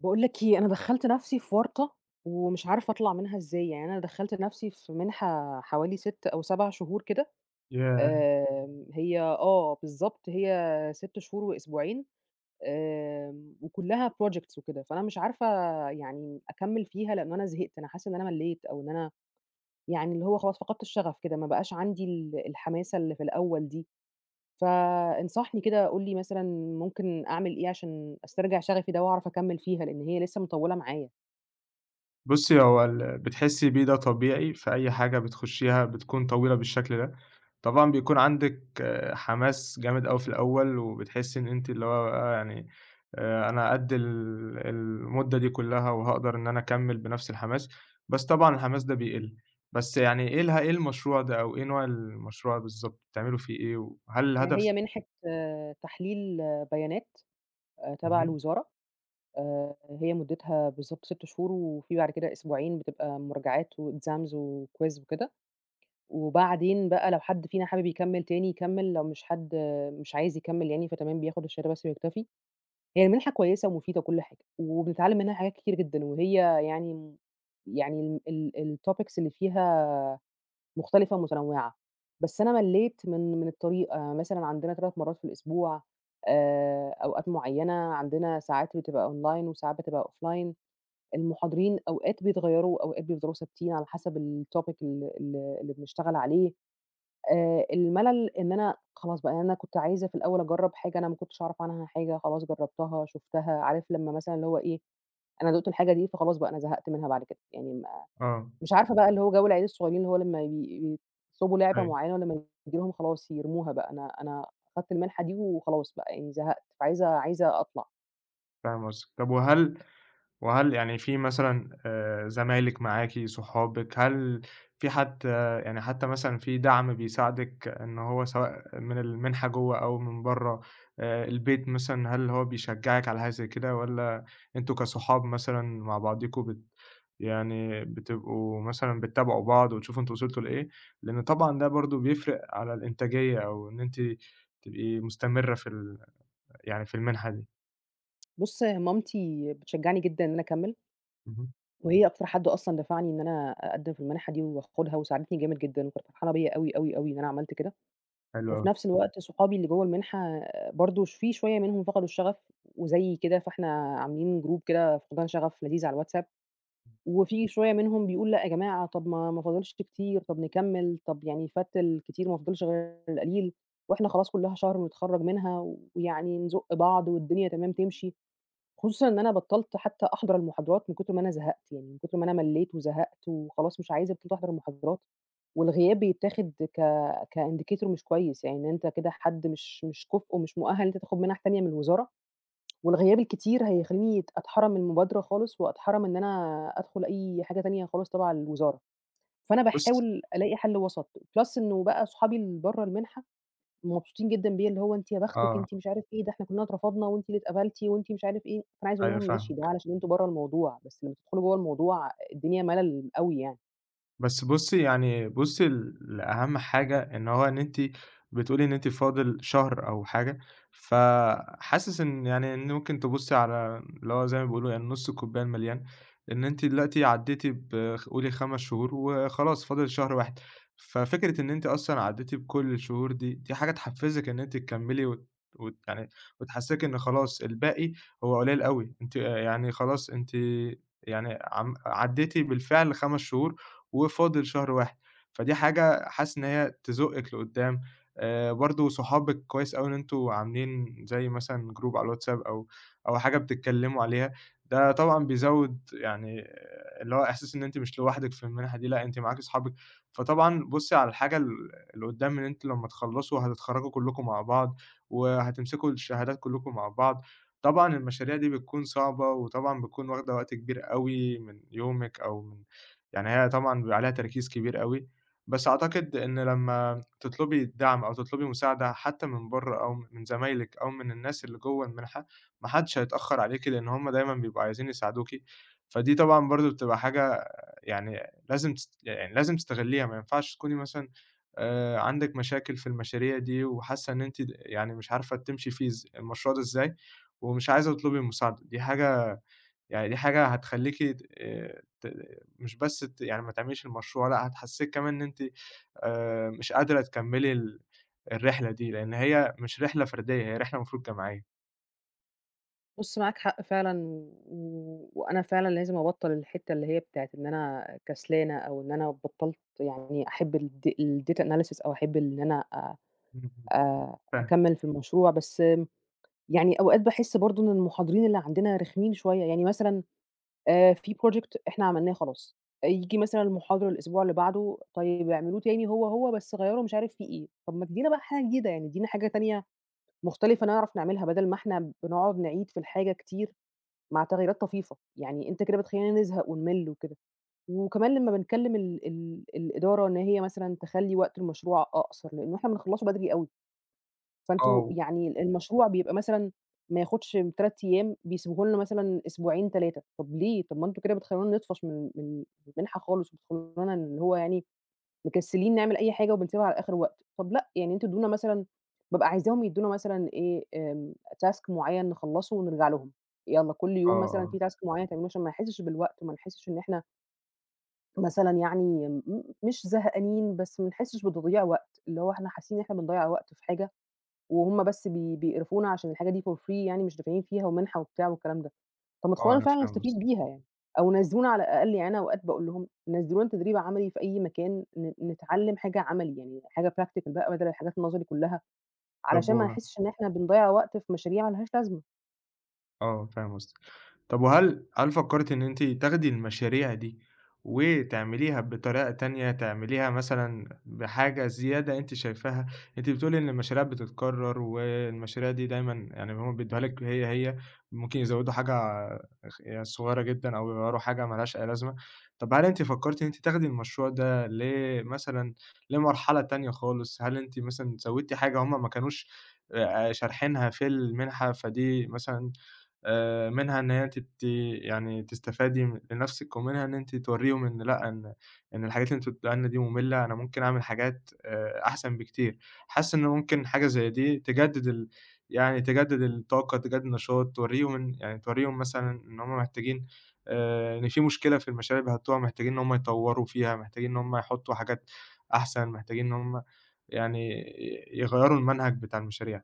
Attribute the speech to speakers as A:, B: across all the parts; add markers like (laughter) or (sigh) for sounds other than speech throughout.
A: باقول لك إيه، أنا دخَّلت نفسي في ورطة ومش عارفة أطلع منها إزاي، يعني أنا دخَّلت نفسي في مِنحة حوالي 6 أو 7 شهور كده
B: ياه!
A: آآ، هي آه بالضبط، هي 6 شهور وأسبوعين، آمم، وكُلَّها projects وكده، فأنا مش عارفة يعني أكمِّل فيها لأن انا زهقت، أنا حاسّة إن أنا ملِّيت أو إن أنا يعني، اللي هو خلاص فقدْت الشغف كده، ما بقاش عندي ال الحماسة اللي في الأوّل دي، ف إنصحني كده قول لي مثلًا ممكن أعمل إيه عشان أسترجِع شغفي ده وأعرف أكمِّل فيها، لأن هي لسه مطوِّلة معايا.
B: بُصي، هو اللي بتحسّي بيه ده طبيعي في أي حاجة بتخُشّيها، بتكون طويلة بالشكل ده، طبعًا بيكون عندك حماس جامد أوي في الأول، وبتحسّي إن أنتِ اللي هو بقى يعني، آآ أنا قَد ال المُدّة دي كُلَّها وهاقدر إن أنا أكمِّل بنفس الحماس، بس طبعًا الحماس ده بيقِل. بس يعني إيه اله إيه المشروع ده أو إيه نوع المشروع بالضبط، بتعملوا فيه إيه؟ وهل
A: هي
B: الهدف
A: مِنحة تحليل بيانات أ تبع
B: اهم.
A: الوزارة آآ، هي مُدِّتها بالضبط 6 شهور، وفي بعد كده أسبوعين بتبقى مراجعات وexams وquiz وكده، وبعدين بقى لو حد فينا حابب يكمِّل تاني، يكمِّل، لو مش حد، مش عايز يكمِّل يعني فتمام بياخد الشهادة بس ويكتفي. هي المنحة كويِّسة ومفيدة وكل حاجة وبنتعلِّم منها حاجات كتيرة جدًا وهي يعني، يعني ال الtopics اللي فيها مختلفة ومتنوِّعة، بس أنا ملِّيت من من الطريقة، يعني مثلًا عندنا 3 مرَّات في الأسبوع آآ، أوقات مُعينة عندنا ساعات بتبقى أونلاين وساعات بتبقى أوفلاين المُحاضرين أوقات بيتغيَّروا وأوقات بيفضَلوا ثابتين، على حسب الtopic ال ال اللي بنشتغل عليه. آآ الملل إن أنا خلاص بقى، يعني أنا كنت عايزة في الأوّل أجرَّب حاجة أنا ما كُنتش أعرف عنها حاجة، خلاص جرَّبتها، شُفتها، عارف، لمّا مثلًا، اللي هو إيه، أنا دُقت الحاجة دي، فخلاص بقى أنا زهقت منها، بعد كده يعني ما
B: آه.
A: مش عارفة بقى اللي هو جَو العيال الصغيّرين، اللي هو لما ي يطلبوا لعبة
B: أيوه.
A: معيّنة ولما تيجي لهم، خلاص يرموها بقى. أنا أنا خدْت المِنحة دي وخلاص بقى، يعني زهقت فعايزة عايزة أطلَع.
B: فاهم قصدِك، طب وهل وهل يعني في مثلًا آآ، زمايلِك معاكِ صحابك، هل في حد يعني حتى مثلًا في دعم بيساعدِك إنه هو سواء من المنحة جوا أو من برا، آآ البيت مثلًا هل هو بيشجعك على حاجة زي كده، والّا أنتم كصحاب مثلًا مع بعضكم بت يعني بتبقوا مثلًا بتتابعوا بعض وتشوفوا أنتم وصلتوا لإيه؟ لأنه طبعًا ده برضو بيفرق على الإنتاجية، أو إن أنتِ تبقي مستمرة في ال يعني في المنحة دي.
A: بُص، هي مامتي بتشجعني جدًا إن أنا أكمل.
B: اهم.
A: وهي أكتر حد أصلًا دفعني إن أنا أقدم في المنحة دي واخدها، وساعدتني جامد جدًا وكانت فرحانة بيّا أوي، أوي، أوي، إن أنا عملت كده،
B: حلو
A: وفي
B: أوي.
A: نفس الوقت صحابي اللي جوا المنحة برضو في شوية منهم فقدوا الشغف، وزي كده، فإحنا عاملين جروب كده فقدان شغف لذيذ على الواتساب، وفي شوية منهم بيقول: "لأ يا جماعة طب ما ما فاضلش كتير طب نكمل، طب يعني فات الكتير ما فاضلش غير القليل، وإحنا خلاص كلها شهر ونتخرج منها، ويعني نزق بعض، والدنيا تمام تمشي" خصوصًا إن أنا بطلت حتى أحضر المحاضرات من كتر ما أنا زهقت، يعني من كتر ما أنا مليت وزهقت وخلاص مش عايزة ابتدي أحضر المحاضرات، والغياب بيتاخد ك كindicator مش كويس يعني إن أنت كده حد مش مش كُفؤ مش مؤهل إن أنت تاخد منح تانية من الوزارة، والغياب الكتير هيخليني أتحرم المبادرة خالص وأتحرم إن أنا أدخل أي حاجة تانية خالص تبع الوزارة، فأنا
B: بُص
A: باحاول ألاقي حل وسط، plus إنه بقى صحابي اللي برا المنحة مبسوطين جدًا بيّا اللي هو أنتِ يا
B: ٱه.
A: بختِك أنتِ مش عارف ايه ده، إحنا كلنا اترفضنا وأنتِ اللي اتقبلتِ وأنتِ مش عارف إيه، فأنا عايزة أقول
B: أيوه
A: لهم ماشي ده
B: فاهمِك.
A: علشان أنتم برا الموضوع، بس لما تدخلوا جوا الموضوع الدنيا ملل أوي يعني.
B: بس بُصي يعني بُصي لأهم حاجة، إن هو إن أنتِ بتقولي إن أنتِ فاضل شهر أو حاجة ف حاسس إن يعني إن ممكن تبصي على اللي هو زي ما بيقولوا يعني نص الكوبايه المليان، إن أنتِ دلوقتي عدّيتِ ب خ قولي 5 شهور وخلاص فاضل شهر واحد، ففكرة إن أنتِ أصلًا عدّيتِ بكل الشهور دي، دي حاجة تحفزِك إن أنتِ تكمّلي وت وت يعني وتحسسِك إن خلاص الباقي هو قليل أوي، انتِ يعني خلاص أنتِ يعني عم عدّيتِ بالفعل 5 شهور وفاضل شهر واحد فدي حاجة حاسس إن هي تزقِك لقدام، آآ برضو صحابِك كويس أوي إن أنتم عاملين زي مثلًا Group على الواتساب أو أو حاجة بتتكلموا عليها، ده طبعًا بيزود يعني اللي هو احساس إن أنتِ مش لوحدِك في المنحة دي، لأ أنتِ معاكِ صحابِك، فطبعًا بُصي على الحاجة ال اللي قدام إن أنتِ لما تخلصوا هتتخرجوا كلكم مع بعض، وهتمسكوا الشهادات كلكم مع بعض، طبعًا المشاريع دي بتكون صعبة، وطبعًا بتكون واخدة وقت كبير أوي من يومِك، أو يعني هي طبعًا بيبقي عليها تركيز كبير أوي، بس أعتقد إن لما تطلبي الدعم أو تطلبي مساعدة حتى من بره أو من زمايلِك، أو من الناس اللي جوَّه المنحة، ما حدش هيتأخر عليكِ لإن هُم دايمًا بيبقوا عايزين يساعدوكِ، فدي طبعًا برضو بتبقى حاجة يعني لازم تس يعني لازم تستغليها، ما ينفعش تكوني مثلًا آآ عندِك مشاكل في المشاريع دي، وحاسة إن أنتِ يعني مش عارفة تمشي فيه إز المشروع ده إزاي، ومش عايزة تطلبي المساعدة دي حاجة، يعني دي حاجة هتخليكِ ت ت مش بس ت يعني ما تعمليش المشروع، لأ هتحسسِك كمان إن أنتِ آآ مش قادرة تكملي ال الرحلة دي، لإن هي مش رحلة فردية هي رحلة المفروض جماعية.
A: بُص معاك حق فعلًا، و وأنا فعلًا لازم أبطل الحتة اللي هي بتاعة إن أنا كسلانة أو إن أنا بطلت يعني أحب الد الdata analysis أو أحب إن أنا آآ،
B: (unintelligible)
A: أ
B: فاهم.
A: أكمل في المشروع، بس يعني أوقات باحس برضو إن المحاضرين اللي عندنا رخمين شوية، يعني مثلًا آآ، في project إحنا عملناه خلاص ييجي مثلًا المحاضر الأسبوع اللي بعده طيب اعملوه تاني هو هو بس غيروا مش عارف فيه إيه، طب ما تدينا بقى حاجة جديدة يعني ادينا حاجة تانية مختلفة نعرف نعملها، بدل ما إحنا بنقعد نعيد في الحاجة كتير مع تغييرات طفيفة، يعني أنت كده بتخلينا نزهق ونِمّل وكده، وكمان لما بنكلم ال ال الإدارة إن هي مثلًا تخلي وقت المشروع أقصر، لأنه إحنا بنخلصه بدري أوي.
B: آه.
A: فأنتم
B: و
A: يعني المشروع بيبقى مثلًا ما ياخدش 3 أيام بيسبوه لنا مثلًا أسبوعين 3 طب ليه طب ما أنتم كده بتخلونا نطفش من من المنحة خالص، وبتخلونا اللي هو يعني مكسلين نعمل أي حاجة وبنسيبها على آخر وقت، طب لأ، يعني أنتم ادونا مثلًا بابقى عايزاهم يدونا مثلًا إيه task معيّن نخلصه ونرجع لهم، يلا كل
B: آه،
A: يوم مثلًا
B: آه.
A: في task معيّن تعملوه عشان ما نحسش بالوقت، وما نحسش إن إحنا مثلًا يعني مش زهقانين بس ما نحسّش بتضييع وقت، اللي هو احنا حاسين إن إحنا بنضيّع وقت في حاجة، وهُم بس بي بيقرفونا عشان الحاجة دي for free يعني مش دافعين فيها ومنحة وبتاع والكلام ده. طب ما
B: آه
A: تخلّونا
B: أنا
A: فعلًا
B: فاهم قص
A: نستفيد بيها يعني، أو نزّلونا على الأقل، يعني أنا أوقات باقول لهم نزّلونا تدريب عملي في أي مكان ن نتعلم حاجة عملي يعني، حاجة practical بقى بدل الحاجات نظري كلها،
B: طب
A: علشان ما
B: و
A: نحسش إن إحنا بنضيّع وقت في مشاريع ما لهاش لازمة.
B: آه، فاهم قصدِك، طب وهل هل فكرتِ إن أنتِ تاخدي المشاريع دي وتعمليها بطريقة تانية؟ تعمليها مثلًا بحاجة زيادة أنتِ شايفاها، أنتِ بتقولي إن المشاريع بتتكرر، والمشاريع دي دايمًا يعني هُم بيدّوها لِك هي، هي ممكن يزودوا حاجة اخ صغيرة جدًا، أو يغيّروا حاجة ملهاش أي لازمة، طب هل أنتِ فكرتِ إن أنتِ تاخدي المشروع ده ل مثلًا لمرحلة تانية خالص؟ هل أنتِ مثلًا زوّدتِ حاجة هُم ما كانوش آآ شارحينها في المنحة؟ فدي مثلًا آآ منها إن هي تت يعني تستفادي لنفسِك، ومنها إن أنتِ توريهم إن لأ إن، إن الحاجات اللي أنتم بتدوها لنا دي مُمِلة، أنا ممكن اعمل حاجات آآ أحسن بكتير حاسة إن ممكن حاجة زي دي تجدد ال يعني تجدد الطاقة تجدد نشاط، توريهم إن يعني توريهم مثلًا إن هُم محتاجين آآ إن في مشكلة في المشاريع بيحطّوها، محتاجين إن هُم يطوّروا فيها، محتاجين إن هُم يحطّوا حاجات أحسن، محتاجين إن هُم يعني ي يغيّروا المنهج بتاع المشاريع.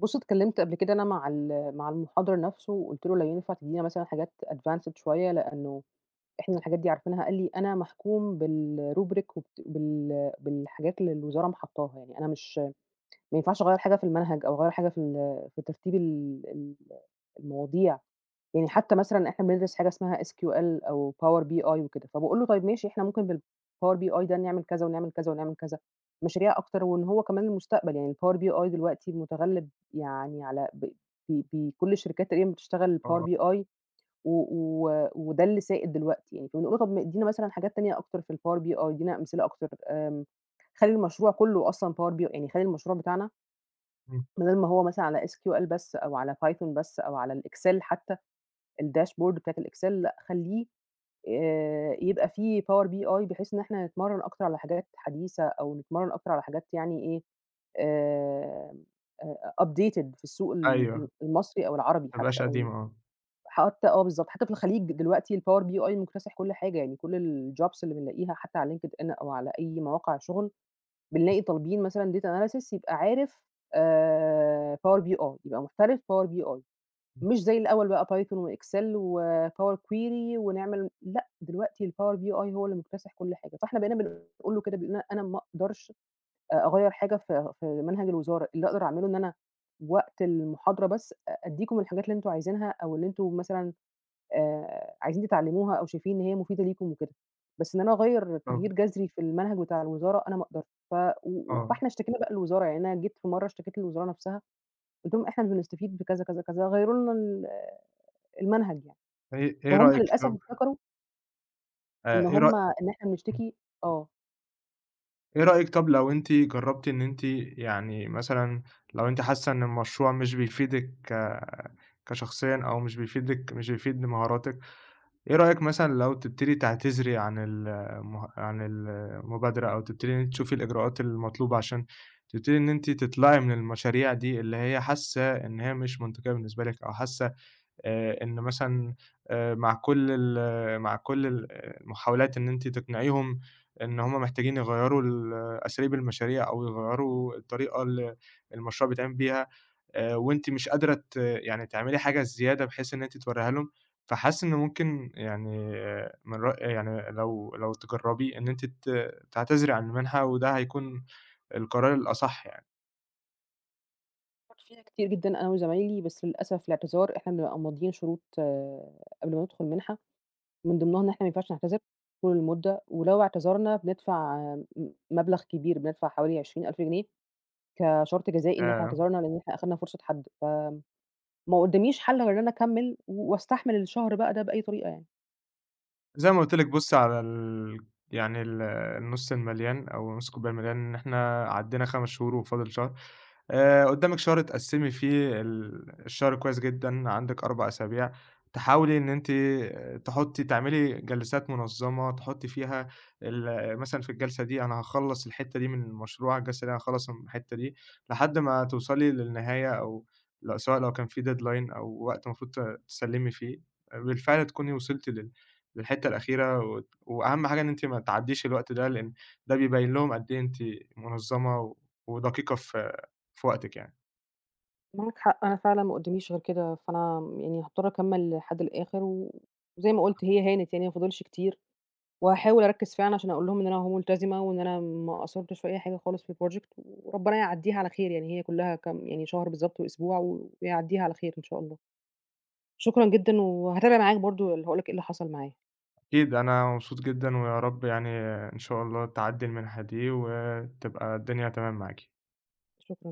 A: بُصّ اتكلمت قبل كده أنا مع ال مع المحاضر نفسه، وقُلت له لو ينفع تدينا مثلًا حاجات advanced شويّة، لأنّه إحنا الحاجات دي عارفينها، قال لي أنا محكوم بالrubric وبت بال بالحاجات اللي الوزارة م حطاها يعني أنا مش ما ينفعش أغير حاجة في المنهج أو أغير حاجة في ال في ترتيب ال ال المواضيع. يعني حتّى مثلًا إحنا بندرس حاجة اسمها SQL أو Power BI وكده فبقول له طيّب ماشي، إحنا ممكن نعمل بالPower BI كذا ونعمل كذا ونعمل كذا مشاريع أكتر، وإن هو كمان المستقبل يعني Power BI دلوقتي متغلب يعني على ب ب بكل الشركات تقريبًا بتشتغل Power
B: آه.
A: BI و و وده اللي سائد دلوقتي يعني، فنقول له مثلًا حاجات تانية أكتر في الPower BI ادينا أمثلة أكتر آمم، خلّي المشروع كلّه أصلًا Power B يعني خلّي المشروع بتاعنا
B: امم.
A: بدل ما هو مثلًا على SQL بس أو على Python بس أو على الExel حتّى، الdashboard بتاعة الExel لأ، خلّيه آآ، يبقى فيه power BI بحيث إن إحنا نتمرن أكتر على حاجات حديثة أو نتمرن أكتر على حاجات يعني إيه آآ، أ أ updated في السوق ال ال
B: أيوه.
A: المصري أو العربي
B: ما
A: حتّى،
B: بقاش
A: أو
B: قديم،
A: ال
B: آه.
A: حتّى آه، بالضبط حتّى في الخليج دلوقتي الpower BI مكتسح كل حاجة يعني، كل الjobs اللي بنلاقيها حتّى على linkedIn أو على أي مواقع شغل بنلاقي طالبين مثلًا data analysis يبقى عارف آآ، Power BI يبقى محترف Power BI
B: امم.
A: مش زي الأوّل بقى Python وExel وpower query ونعمل لأ دلوقتي الpower BI هو اللي مكتسح كل حاجة، فإحنا بقينا بنقول له كده أنا ما أقدرش أغير حاجة في في منهج الوزارة، اللي أقدر أعمله إن أنا وقت المحاضرة بس أديكم الحاجات اللي أنتم عايزينها أو اللي أنتم مثلًا، آآ، عايزين تتعلموها أو شايفين إن هي مفيدة ليكم وكده، بس إن أنا أغير تغيير
B: آه.
A: جذري في المنهج بتاع الوزارة أنا ما أقدرش ف و و
B: آه.
A: فإحنا اشتكينا بقى للوزارة يعني أنا جيت مرّة اشتكيت للوزارة نفسها، قلت لهم إحنا بنستفيد بكذا، كذا، كذا، غيروا لنا ال المنهج يعني.
B: إيه إيه
A: فهُم
B: رأيك
A: للأسف
B: (unintelligible)
A: افتكروا
B: آ،
A: إن
B: آ إيه رأ
A: همّ إن احنا
B: امم.
A: بنشتكي آه.
B: إيه رأيك طب لو أنتِ جربتِ إن أنتِ يعني مثلًا لو أنتِ حاسّة إن المشروع مش بيفيدِك ك كشخصيًا أو مش بيفيدِك مش بيفيد بمهاراتك، إيه رأيك مثلًا لو تبتدي تعتذري عن المه عن ال المبادرة؟ أو تبتدي إن انتِ تشوفي الإجراءات المطلوبة عشان تبتدي إن أنتِ تطلعي من المشاريع دي، اللي هي حاسّة إن هي مش منطقية بالنسبة لِك أو حاسّة آآ، إن مثلًا آآ، مع كل ال مع كل ال المحاولات إن أنتِ تقنعيهم إن همّ محتاجين يغيروا ال أساليب المشاريع أو يغيروا الطريقة اللي المشروع بيتعمل بيها آآ، وأنتِ مش قادرة ت يعني تعملي حاجة الزيادة بحيث إن أنتِ توريها لهم؟ فحاسس إنّه ممكن يعني من رأ يعني لو لو تجرّبيه إن أنتِ ت تعتذري عن المنحة، وده هيكون القرار الأصح يعني.
A: فكرت فيها كتير جدًا أنا وزمايلي، بس للأسف الإعتذار إحنا بنبقى ماضيين شروط قبل ما ندخل المنحة، من ضمنهم إحنا ما ينفعش نعتذر طول المدة، ولو اعتذرنا بندفع م مبلغ كبير بندفع حوالي 20.000 جنيه كشرط جزائي إن إحنا
B: ياه!
A: اعتذرنا، لإن إحنا أخدنا فرصة حد، ف آمم، مقداميش حل غير أنا أكمل، و واستحمل الشهر بقى ده بأي طريقة يعني.
B: زي ما قلت لِك بُصّي على ال يعني ال النص المليان أو نص الكوباية المليان، إن إحنا عدينا 5 شهور وفاضل شهر. آآ قدّامك شهر تقسمي فيه ال الشهر كويّس جدًا عندك 4 أسابيع، تحاولي إن أنتِ تحطّي تعملي جلسات منظمة تحطّي فيها ال مثلًا في الجلسة دي أنا هاخلّص الحتّة دي من المشروع، الجلسة دي هاخلص م الحتّة دي، لحد ما توصلي للنهاية، أو لو سواء لو كان في deadline، أو وقت المفروض ت تسلمي فيه، بالفعل تكوني وصلتِ لل للحتة الأخيرة و وأهم حاجة إن أنتِ ما تعدّيش الوقت ده، لأن ده بيبين لهم قد إيه أنتِ منظمة ودقيقة في في وقتِك يعني.
A: معاك حق أنا فعلًا ما قداميش غير كده فأنا يعني هأضطر أكمل لحد الآخر، و وزي ما قُلت هي هانت، يعني ما فاضلش كتير، وهاحاول أركز فعلًا عشان أقول لهم إن أنا أهو ملتزمة، وإن أنا ما قصّرتش في أي حاجة خالص في الproject وربنا يعديها على خير يعني، هي كلّها كام يعني شهر بالضبط وأسبوع ويعديها على خير إن شاء الله. شكرًا جدًا، وهاتابع معاك برضو ال هاقول لك إيه اللي حصل معايا.
B: أكيد أنا مبسوط جدًا، ويا رب يعني إن شاء الله تعدّي المنحة دي، وتبقى الدنيا تمام معاكِ.
A: شكرًا.